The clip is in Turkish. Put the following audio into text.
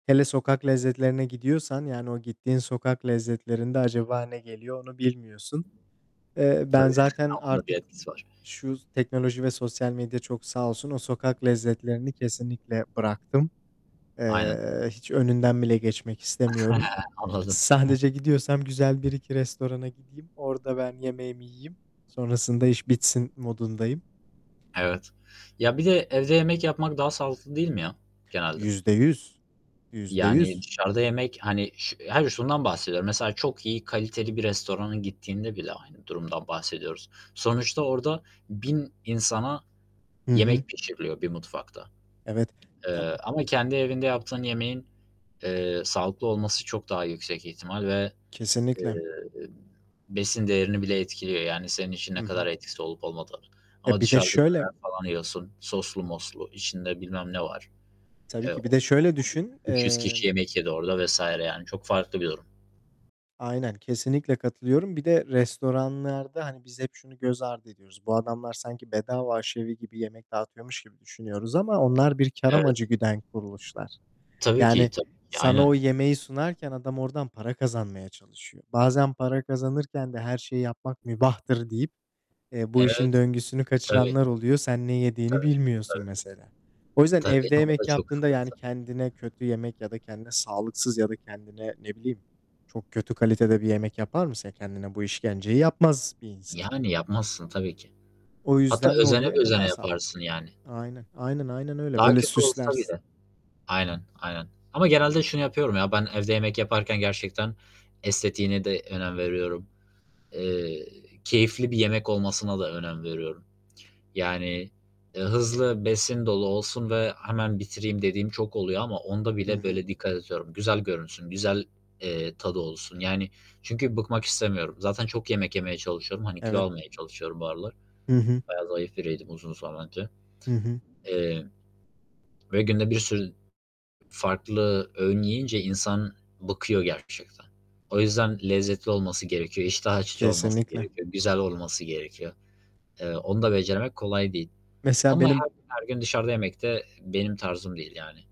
Hele sokak lezzetlerine gidiyorsan, yani, o gittiğin sokak lezzetlerinde acaba ne geliyor onu bilmiyorsun. Eee, ben Tabii, zaten onun da bir artık etkisi var. şu teknoloji ve sosyal medya çok sağ olsun, o sokak lezzetlerini kesinlikle bıraktım. Aynen. Eee, hiç önünden bile geçmek istemiyorum. Anladım. He. Sadece gidiyorsam güzel 1-2 restorana gideyim. Orada ben yemeğimi yiyeyim. Sonrasında iş bitsin modundayım. Evet. Ya, bir de evde yemek yapmak daha sağlıklı değil mi ya genelde? %100, Yüzde Yani, yüz dışarıda yemek, hani, şu hayır şundan bahsediyorum, mesela çok iyi kaliteli bir restorana gittiğinde bile aynı durumdan bahsediyoruz. Sonuçta orada 1000 insana Hı hı. yemek pişiriliyor bir mutfakta. Evet, ya, Eee, b ama kendi evinde yaptığın, eee, yemeğin sağlıklı olması çok daha yüksek ihtimal ve, eee, Kesinlikle. besin değerini bile etkiliyor, yani, senin için Hı ne kadar hı. etkisi olup olmadığının E, ama bir de dışarıda şöyle. döner falan yiyorsun soslu moslu içinde bilmem ne var. Tabii ki bir de şöyle düşün. [unintelligible] 300 kişi Emm. yemek yedi orada vs. yani çok farklı bir durum. Aynen, kesinlikle katılıyorum. Bir de restoranlarda, hani, biz hep şunu göz ardı ediyoruz. Bu adamlar sanki bedava aşevi gibi yemek dağıtıyormuş gibi düşünüyoruz ama onlar bir kâr Evet. amacı güden kuruluşlar. Tabii ki. Yani, Tabii ki, sana aynen. o yemeği sunarken adam oradan para kazanmaya çalışıyor. Bazen para kazanırken de her şeyi yapmak mübahtır deyip, eee, bu işin Evet. döngüsünü Tabii. kaçıranlar oluyor. Sen ne yediğini Tabii. bilmiyorsun Tabii. mesela. O yüzden Tabii, evde o yemek da çok yaptığında, yani, sıkıntı. kendine kötü yemek ya da kendine sağlıksız ya da kendine ne bileyim çok kötü kalitede bir yemek yapar mısın? Kendine bu işkenceyi yapmaz bir insan. Yani, yapmazsın tabii ki. O Hatta yüzden ne özene oluyor? Evde bözene daha sağlıklı. yaparsın, yani. Aynen. Aynen, aynen öyle. Daha Böyle kötü olsa süslersin. bile. Aynen, aynen ama genelde şunu yapıyorum, ya, ben evde yemek yaparken gerçekten estetiğine de, eee, önem veriyorum. Eee, keyifli bir yemek olmasına da önem veriyorum. Yani, eee, hızlı besin dolu olsun ve hemen bitireyim dediğim çok oluyor ama onda Hı bile hı. böyle dikkat ediyorum. Güzel görünsün, güzel, eee, tadı olsun. Yani, çünkü bıkmak istemiyorum. Zaten çok yemek yemeye çalışıyorum. Hani, kilo Evet. almaya çalışıyorum bu aralar. Hı hı. Bayağı zayıf biriydim, uzun zaman önce, Hı hı. eee. Ve günde bir sürü farklı öğün yiyince insan bıkıyor gerçekten. O yüzden lezzetli olması gerekiyor. İştah açıcı olması Kesinlikle. gerekiyor. Güzel olması gerekiyor. Eee, onu da becermek kolay değil Mesela, ama benim her gün, her gün dışarıda yemekte benim tarzım değil, yani.